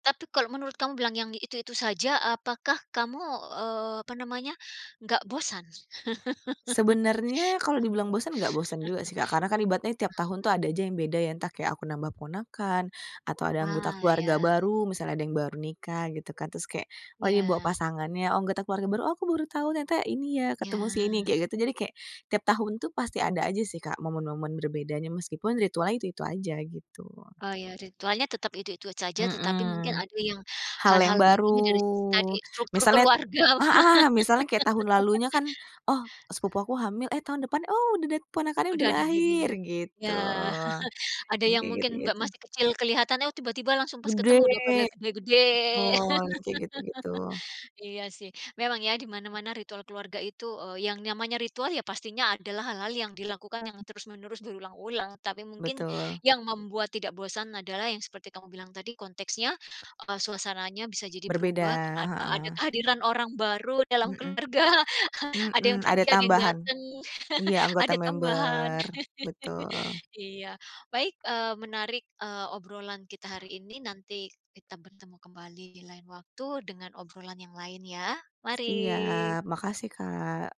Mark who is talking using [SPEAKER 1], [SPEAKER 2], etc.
[SPEAKER 1] Tapi kalau menurut kamu bilang yang itu-itu saja, apakah kamu, eee, apa namanya, enggak bosan?
[SPEAKER 2] Sebenernya kalo dibilang bosen, enggak bosen juga sih, Kak, karena kan ibaratnya tiap tahun tuh ada aja yang beda ya, entah kayak aku nambah ponakan atau ada anggota
[SPEAKER 1] Wah,
[SPEAKER 2] keluarga
[SPEAKER 1] ya.
[SPEAKER 2] baru, misalnya ada yang baru nikah gitu kan. Terus kayak, oh ini bawa
[SPEAKER 1] Iya.
[SPEAKER 2] pasangannya, oh anggota keluarga baru, oh aku baru tahu, ternyata ini ya,
[SPEAKER 1] Iya.
[SPEAKER 2] ketemu si ini, kayak gitu. Jadi kayak tiap tahun tuh pasti ada aja sih, Kak, momen-momen berbedanya, meskipun ritualnya itu-itu aja, gitu.
[SPEAKER 1] Oh, iya ritualnya tetap itu-itu saja, tetapi mungkin
[SPEAKER 2] Mhm.
[SPEAKER 1] ada yang
[SPEAKER 2] Hal yang
[SPEAKER 1] hal-hal baik
[SPEAKER 2] baru,
[SPEAKER 1] ini dari tadi struktur
[SPEAKER 2] misalnya
[SPEAKER 1] keluarga.
[SPEAKER 2] heeh, misalnya kayak tahun lalunya kan, oh sepupu aku hamil, eh tahun depan, oh udah dat ponakannya
[SPEAKER 1] Udah
[SPEAKER 2] udah
[SPEAKER 1] ada
[SPEAKER 2] lahir,
[SPEAKER 1] baby-nya
[SPEAKER 2] gitu.
[SPEAKER 1] Iya. Ada
[SPEAKER 2] Yang
[SPEAKER 1] yang
[SPEAKER 2] kayak
[SPEAKER 1] mungkin, Mbak
[SPEAKER 2] gitu-gitu.
[SPEAKER 1] masih kecil kelihatan, eh, tiba-tiba langsung pas
[SPEAKER 2] Gede,
[SPEAKER 1] ketemu udah pada gede-gede.
[SPEAKER 2] betul. Yang kayak gitu-gitu.
[SPEAKER 1] Iya sih, memang ya, di mana-mana ritual keluarga itu, eee, yang namanya ritual, ya pastinya adalah hal-hal yang dilakukan yang terus-menerus berulang-ulang, tapi mungkin
[SPEAKER 2] Betul.
[SPEAKER 1] yang membuat tidak bosan adalah yang seperti kamu bilang tadi konteksnya, eee, suasananya bisa jadi
[SPEAKER 2] Berbeda,
[SPEAKER 1] berubah karena ad ada
[SPEAKER 2] heeh.
[SPEAKER 1] kehadiran orang baru dalam
[SPEAKER 2] Heeh.
[SPEAKER 1] keluarga, ada yang
[SPEAKER 2] Mhm,
[SPEAKER 1] pergi,
[SPEAKER 2] ada
[SPEAKER 1] ada yang
[SPEAKER 2] tambahan.
[SPEAKER 1] datang,
[SPEAKER 2] Iya anggota
[SPEAKER 1] ada tambahan.
[SPEAKER 2] member, betul.
[SPEAKER 1] Iya. Baik, eee, menarik, eee, obrolan kita hari ini, nanti kita bertemu kembali di lain waktu dengan obrolan yang lain ya. Mari.
[SPEAKER 2] Siap, makasih, Kak.